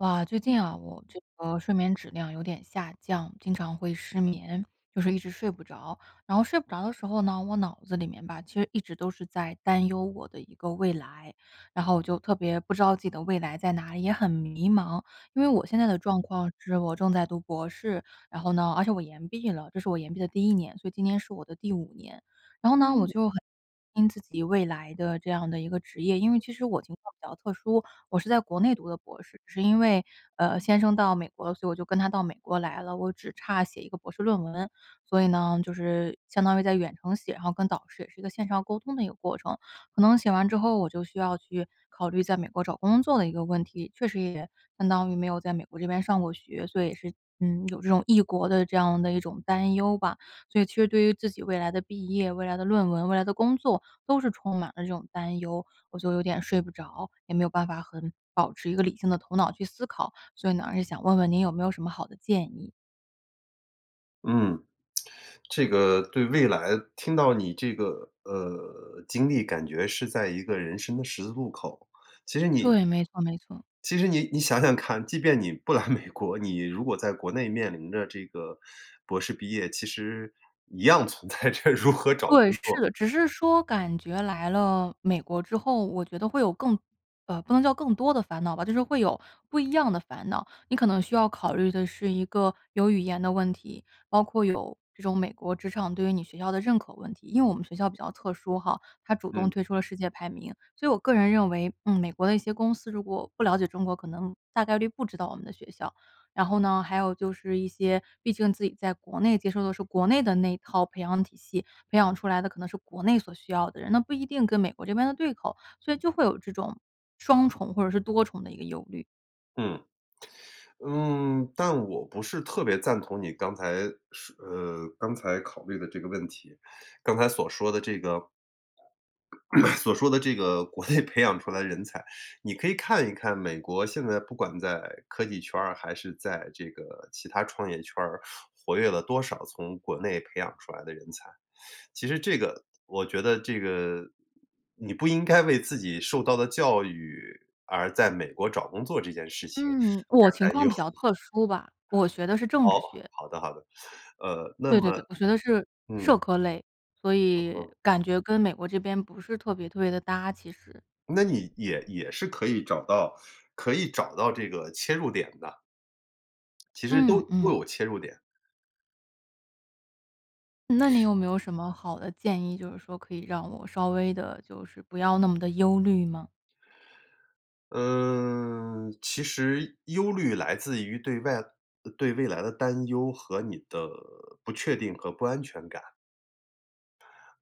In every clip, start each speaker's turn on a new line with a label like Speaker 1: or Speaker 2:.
Speaker 1: 哇，最近啊，我这个睡眠质量有点下降，经常会失眠，就是一直睡不着。然后睡不着的时候呢，我脑子里面吧，其实一直都是在担忧我的一个未来，然后我就特别不知道自己的未来在哪里，也很迷茫。因为我现在的状况是我正在读博士，然后呢而且我延毕了，这是我延毕的第1年，所以今年是我的第5年，然后呢我就很担心自己未来的这样的一个职业。因为其实我情况比较特殊，我是在国内读的博士，是因为，呃，先生到美国了，所以我就跟他到美国来了，我只差写一个博士论文，所以呢就是相当于在远程写，然后跟导师也是一个线上沟通的一个过程。可能写完之后，我就需要去考虑在美国找工作的一个问题，确实也相当于没有在美国这边上过学，所以也是，嗯，有这种异国的这样的一种担忧吧。所以其实对于自己未来的毕业、未来的论文、未来的工作都是充满了这种担忧，我就有点睡不着，也没有办法很保持一个理性的头脑去思考，所以呢也是想问问您有没有什么好的建议。
Speaker 2: 嗯。这个对未来听到你这个，呃，经历，感觉是在一个人生的十字路口。其实你
Speaker 1: 对，没错，没错。
Speaker 2: 其实你你想想看，即便你不来美国，你如果在国内面临着这个博士毕业，其实一样存在着如何找
Speaker 1: 对，
Speaker 2: 工
Speaker 1: 是
Speaker 2: 作。
Speaker 1: 的。只是说感觉来了美国之后，我觉得会有更呃，不能叫更多的烦恼吧，就是会有不一样的烦恼。你可能需要考虑的是一个有语言的问题，包括有这种美国职场对于你学校的认可问题。因为我们学校比较特殊哈，它主动
Speaker 2: 嗯。
Speaker 1: 退出了世界排名，所以我个人认为，嗯，美国的一些公司如果不了解中国，可能大概率不知道我们的学校。然后呢，还有就是一些，毕竟自己在国内接受的是国内的那一套培养体系，培养出来的可能是国内所需要的人，那不一定跟美国这边的对口，所以就会有这种双重或者是多重的一个忧虑。
Speaker 2: 嗯。嗯，但我不是特别赞同你刚才说呃，刚才考虑的这个问题，刚才所说的这个，所说的这个国内培养出来的人才，你可以看一看美国现在不管在科技圈儿还是在这个其他创业圈儿，活跃了多少从国内培养出来的人才。其实这个我觉得这个你不应该为自己受到的教育，而在美国找工作这件事情
Speaker 1: 嗯，我情
Speaker 2: 而担
Speaker 1: 况
Speaker 2: 忧。
Speaker 1: 比 较特殊吧，我学的是政治学。
Speaker 2: 哦，好的，好的。呃，那么
Speaker 1: 对对对，我学的是
Speaker 2: 嗯。
Speaker 1: 社科类，所
Speaker 2: 嗯
Speaker 1: 以
Speaker 2: 哼。
Speaker 1: 感觉跟美国这边不是特别特别地搭，其实。
Speaker 2: 那你也也是可以找到可以找到这个切入点的。其实都
Speaker 1: 嗯，
Speaker 2: 都
Speaker 1: 嗯。
Speaker 2: 有切入点。
Speaker 1: 那你 有没有什么好的建议，就是说，可以让我稍微地就是不要那么地忧虑吗？
Speaker 2: 嗯，其实忧虑来自于对未来对未来的担忧，和你的不确定和不安全感。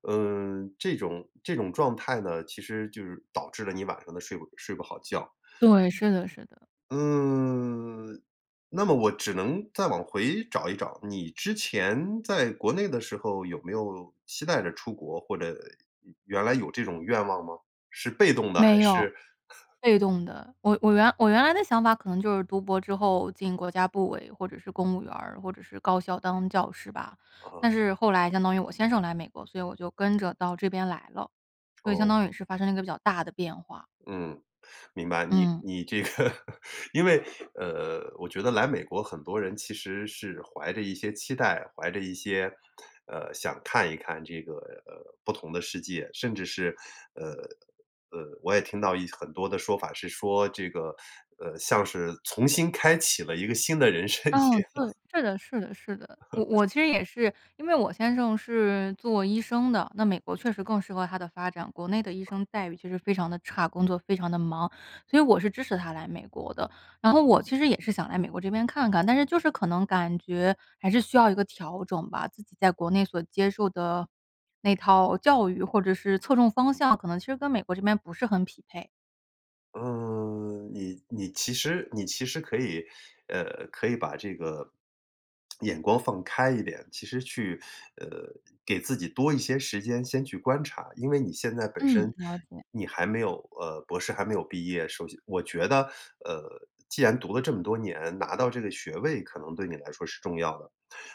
Speaker 2: 嗯，这种这种状态呢，其实就是导致了你晚上的睡不睡不好觉。
Speaker 1: 对，是的，是的。
Speaker 2: 嗯，那么我只能再往回找一找，你之前在国内的时候，有没有期待着出国，或者原来有这种愿望吗？是被动的还
Speaker 1: 没有，
Speaker 2: 是
Speaker 1: 被动的。我我原我原来的想法可能就是，读博之后进国家部委，或者是公务员儿，或者是高校当教师吧。但
Speaker 2: 嗯。
Speaker 1: 是后来相当于我先生来美国，所以我就跟着到这边来了，所以相
Speaker 2: 哦。
Speaker 1: 当于是发生了一个比较大的变化。
Speaker 2: 嗯，明白，你
Speaker 1: 嗯。
Speaker 2: 你这个 因为，呃，我觉得来美国很多人其实是怀着一些期待，怀着一些，呃，想看一看这个不同的世界，甚至是，呃，呃，我也听到一很多的说法，是说这个，呃，像是重新开启了一个新的人生去
Speaker 1: 嗯，对，
Speaker 2: 了。
Speaker 1: 是的，是的，是的。我 我其实也是因为我先生是做医生的，那美国确实更适合他的发展，国内的医生待遇确实非常地差，工作非常地忙，所以我是支持他来美国的。然后我其实也是想来美国这边看看，但是就是可能感觉，还是需要一个调整吧，自己在国内所接受的那套教育，或者是侧重方向，可能其实跟美国这边不是很匹配。
Speaker 2: 嗯，你你其实你其实可以，呃，可以把这个眼光放开一点，其实去，呃，给自己多一些时间先去观察。因为你现在本
Speaker 1: 嗯，
Speaker 2: 身
Speaker 1: 了解。
Speaker 2: 你还没有，呃，博士还没有毕业。首先我觉得，呃，既然读了这么多年，拿到这个学位可能对你来说是重要的。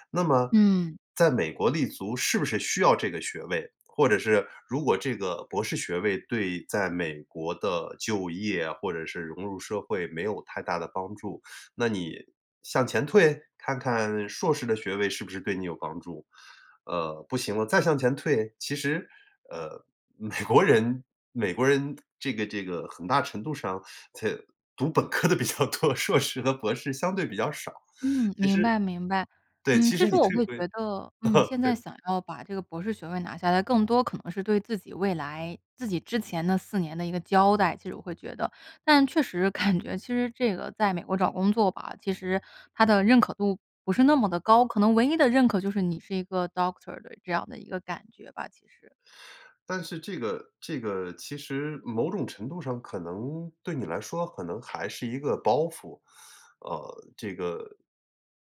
Speaker 2: 那么，
Speaker 1: 嗯。
Speaker 2: 在美国立足是不是需要这个学位，或者是如果这个博士学位对在美国的就业或者是融入社会没有太大的帮助，那你向前退，看看硕士的学位是不是对你有帮助。呃，不行了，再向前退。其实，呃，美国人美国人这个这个很大程度上在读本科的比较多，硕士和博士相对比较少，
Speaker 1: 嗯，
Speaker 2: 其
Speaker 1: 明
Speaker 2: 实
Speaker 1: 白，明白。
Speaker 2: 对，
Speaker 1: 嗯，
Speaker 2: 其
Speaker 1: 其
Speaker 2: 实
Speaker 1: 实
Speaker 2: 你
Speaker 1: 我
Speaker 2: 退
Speaker 1: 会
Speaker 2: 回
Speaker 1: 觉得，嗯，现 在
Speaker 2: 对。
Speaker 1: 想要把这个博士学位拿下来，更多可能是，对自己未来自己之前的4年的一个交代，其实我会觉得。但确实感觉其实这个在美国找工作吧，其实它的认可度不是那么地高，可能唯一的认可就是，你是一个 Doctor 的这样的一个感觉吧，其实。
Speaker 2: 但是这个这个，其实某种程度上可能对你来说可能还是一个包袱，呃，这个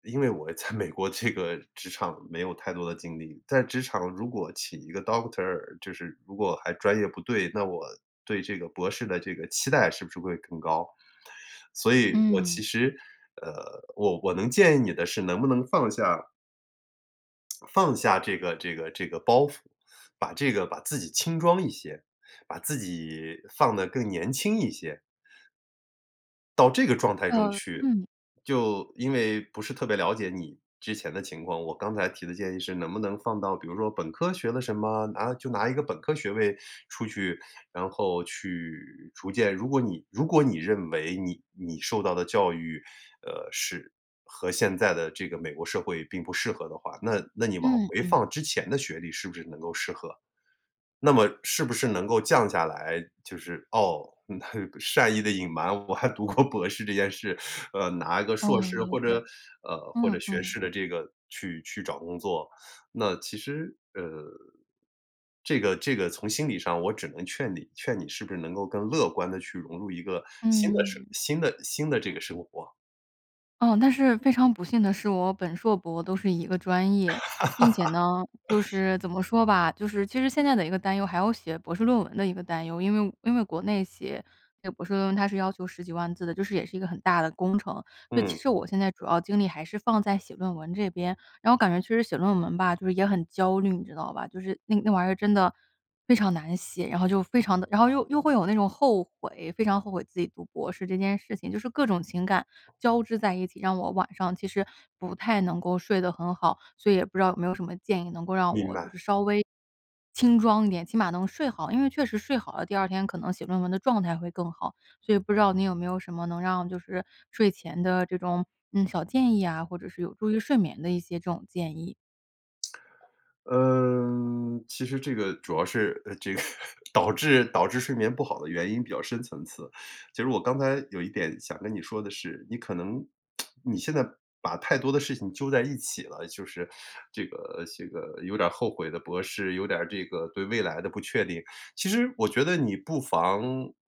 Speaker 2: 因为我在美国这个职场没有太多的经历，在职场如果请一个 Doctor，就是如果还专业不对，那我对这个博士的这个期待，是不是会更高？所以我其
Speaker 1: 嗯。
Speaker 2: 实，呃，我我能建议你的是，能不能放下放下这个这个这个包袱，把这个把自己轻装一些，把自己放得更年轻一些。到这个状态中
Speaker 1: 呃，
Speaker 2: 去。
Speaker 1: 嗯。
Speaker 2: 就因为不是特别了解你之前的情况，我刚才提的建议是能不能放到比如说本科学的什么，拿就拿一个本科学位出去，然后去逐渐如果你如果你认为你你受到的教育，呃，是和现在的这个美国社会并不适合的话，那那你往
Speaker 1: 嗯，
Speaker 2: 回
Speaker 1: 嗯。
Speaker 2: 放之前的学历是不是能够适合？那么是不是能够降下来，就是，哦，善意的隐瞒，我还读过博士这件事。呃，拿个硕
Speaker 1: 哦，
Speaker 2: 士
Speaker 1: 了
Speaker 2: 或
Speaker 1: 解，
Speaker 2: 者，呃，或者
Speaker 1: 嗯，
Speaker 2: 学
Speaker 1: 嗯。
Speaker 2: 士的这个去去找工作。那其实呃，这个这个从心理上我只能劝你，劝你是不是能够更乐观地去融入一个新的生
Speaker 1: 嗯。
Speaker 2: 新的新的这个生活。
Speaker 1: 嗯，但是非常不幸的是，我本硕博都是一个专业。并且呢，就 是怎么说吧，就是其实现在的一个担忧，还有写博士论文的一个担忧。因为因为国内写博士论文它是要求10几万字的，就是也是一个很大的工程，所以其
Speaker 2: 嗯。
Speaker 1: 实我现在主要精力还是放在写论文这边。然后感觉确实写论文吧，就是也很焦虑，你知道吧？就是那那玩意儿真的非常难写，然后就非常的然后又又会有那种后悔，非常后悔自己读博士这件事情，就是各种情感交织在一起，让我晚上其实不太能够睡得很好。所以也不知道有没有什么建议，能够让
Speaker 2: 明
Speaker 1: 我就
Speaker 2: 白。
Speaker 1: 是稍微，轻装一点，起码能睡好。因为确实睡好了，第二天可能写论文的状态会更好，所以不知道你有没有什么能让就是睡前的这种嗯，小建议啊，或者是有助于睡眠的一些这种建议。
Speaker 2: 嗯，其实这个主要是这个，导致导致睡眠不好的原因比较深层次。其实我刚才有一点想跟你说的是，你可能，你现在把太多的事情揪在一起了，就是这个这个有点儿后悔的博士，有点儿这个对未来的不确定。其实我觉得你不妨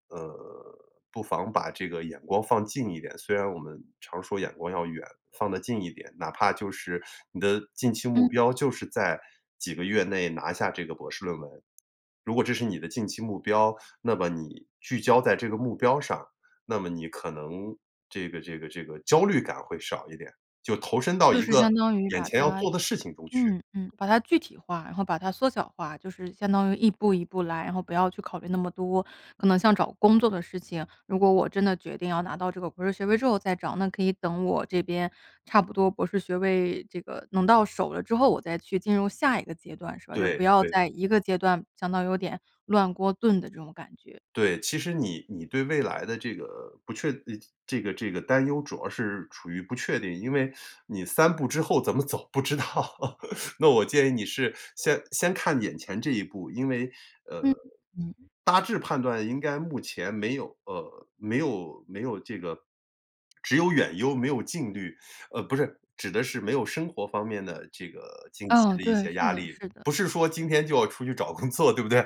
Speaker 2: 呃，不妨把这个眼光放近一点，虽然我们常说眼光要远，放得近一点，哪怕就是你的近期目
Speaker 1: 嗯。
Speaker 2: 标就是在几个月内拿下这个博士论文。如果这是你的近期目标，那么你聚焦在这个目标上，那么你可能这个这个这个焦虑感会少一点，就投身到
Speaker 1: 就
Speaker 2: 一
Speaker 1: 是
Speaker 2: 个
Speaker 1: 相当于
Speaker 2: 眼
Speaker 1: 把
Speaker 2: 前要
Speaker 1: 它
Speaker 2: 做的事情中去。
Speaker 1: 嗯，嗯，把它具体化，然后把它缩小化，就是相当于一步一步来，然后不要去考虑那么多。可能像找工作的事情，如果我真的决定要拿到这个博士学位之后再找，那可以等我这边差不多博士学位这个能到手了之后，我再去进入下一个阶段，是吧？就不
Speaker 2: 对，
Speaker 1: 要
Speaker 2: 对。
Speaker 1: 在一个阶段相当于有点乱锅炖的这种感觉。
Speaker 2: 对，其实你你对未来的这个不确呃，这个这个担忧主要是处于不确定，因为 你3步之后怎么走不知道。那我建议你是先先看眼前这一步。因为，
Speaker 1: 嗯，
Speaker 2: 呃，
Speaker 1: 嗯。
Speaker 2: 大致判断应该目前没有，呃，没有没有这个只有远忧，没有近虑。呃，不是指的是没有生活方面的这个近期
Speaker 1: 嗯，
Speaker 2: 的一
Speaker 1: 对，
Speaker 2: 些
Speaker 1: 是
Speaker 2: 压
Speaker 1: 的，
Speaker 2: 力，
Speaker 1: 是的。
Speaker 2: 不是说今天就要出去找工作，对不对？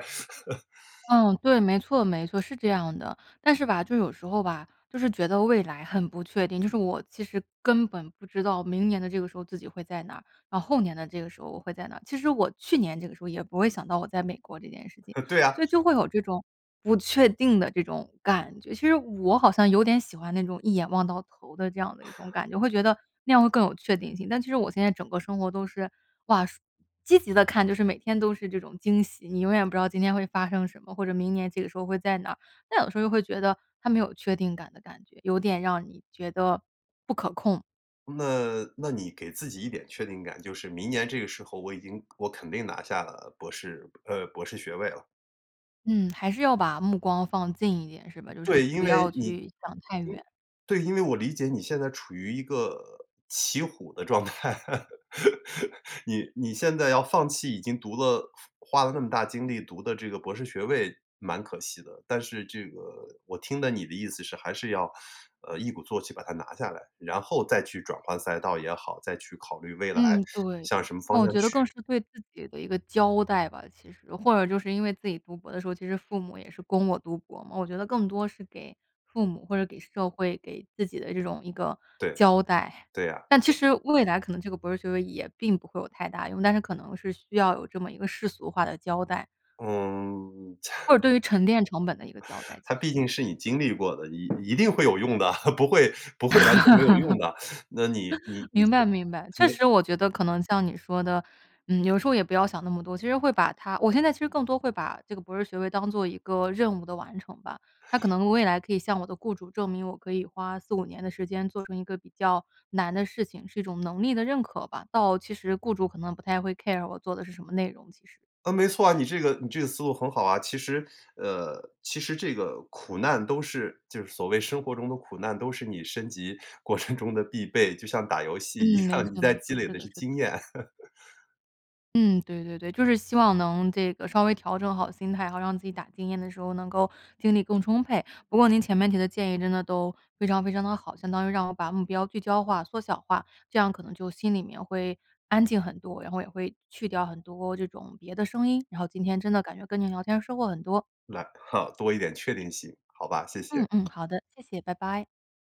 Speaker 1: 嗯，对，没错，没错，是这样的。但是吧，就有时候吧，就是觉得未来很不确定，就是我其实根本不知道明年的这个时候自己会在哪儿，然后后年的这个时候我会在哪儿，其实我去年这个时候也不会想到我在美国这件事情，
Speaker 2: 呵，对啊。
Speaker 1: 所以就会有这种不确定的这种感觉。其实我好像有点喜欢那种一眼望到头的这样的一种感觉，会觉得那样会更有确定性。但其实我现在整个生活都是哇，积极地看，就是每天都是这种惊喜，你永远不知道今天会发生什么，或者明年这个时候会在哪儿。但有时候又会觉得它没有确定感的感觉，有点让你觉得不可控。
Speaker 2: 那那你给自己一点确定感，就是，明年这个时候，我已经我肯定拿下了博士呃，博士学位了。
Speaker 1: 嗯，还是要把目光放近一点，是吧？就是
Speaker 2: 对，因
Speaker 1: 不要
Speaker 2: 为你
Speaker 1: 去想太
Speaker 2: 嗯
Speaker 1: 远。
Speaker 2: 对，因为我理解你现在处于一个，呃，骑虎的状态，你你现在要放弃已经读了付花了那么大精力读的这个博士学位，蛮可惜的。但是这个我听的你的意思是还是要，呃，一鼓作气把它拿下来，然后再去转换赛道也好，再去考虑未来
Speaker 1: 嗯，对，
Speaker 2: 向
Speaker 1: 对。
Speaker 2: 什么
Speaker 1: 嗯，
Speaker 2: 方
Speaker 1: 我
Speaker 2: 向
Speaker 1: 觉得
Speaker 2: 去
Speaker 1: 更是对自己的一个交代吧其实，或者就是因为自己读博的时候，其实父母也是供我读博嘛，我觉得更多是给父母，或者给社会、给自己的这种一个
Speaker 2: 对，
Speaker 1: 交代。
Speaker 2: 对啊，
Speaker 1: 但其
Speaker 2: 对。
Speaker 1: 实未来可能这个博士学位也并不会有太大用，但是可能是需要有这么一个世俗化的交代。
Speaker 2: 嗯，它
Speaker 1: 或者对于沉淀成本的一个交代，
Speaker 2: 它
Speaker 1: 其
Speaker 2: 毕
Speaker 1: 实。
Speaker 2: 竟是你经历过的，你一定会有用的，不会不会完全没有用的。那你你 你是
Speaker 1: 明白，明白。
Speaker 2: 你
Speaker 1: 确实我觉得可能像你说的，嗯，有时候也不要想那么多，其实会把它我现在其实更多会把这个博士学位当做一个任务的完成吧。它可能未来可以向我的雇主证明，我可以花4-5年的时间做成一个比较难的事情，是一种能力的认可吧。倒其实雇主可能不太会 care 我做的是什么内容，其实。
Speaker 2: 呃，没错啊，你这个你这个思路很好啊，其实呃，其实这个苦难都是就是所谓生活中的苦难，都是你升级过程中的必备，就像打游戏一
Speaker 1: 嗯，没
Speaker 2: 样，你
Speaker 1: 错，
Speaker 2: 在
Speaker 1: 没
Speaker 2: 积
Speaker 1: 错，
Speaker 2: 累
Speaker 1: 是
Speaker 2: 的
Speaker 1: 的，
Speaker 2: 是
Speaker 1: 是的。
Speaker 2: 经验。
Speaker 1: 嗯，对对对，就是希望能这个稍微调整好心态，然后让自己打经验的时候能够精力更充沛。不过您前面提的建议真的都非常非常地好，相当于让我把目标聚焦化、缩小化，这样可能就心里面会安静很多，然后也会去掉很多这种别的声音，然后今天真的感觉跟您聊天收获很多。
Speaker 2: 来哈，多一点确定性，好吧，谢谢。
Speaker 1: 嗯嗯，好的，谢谢，拜拜。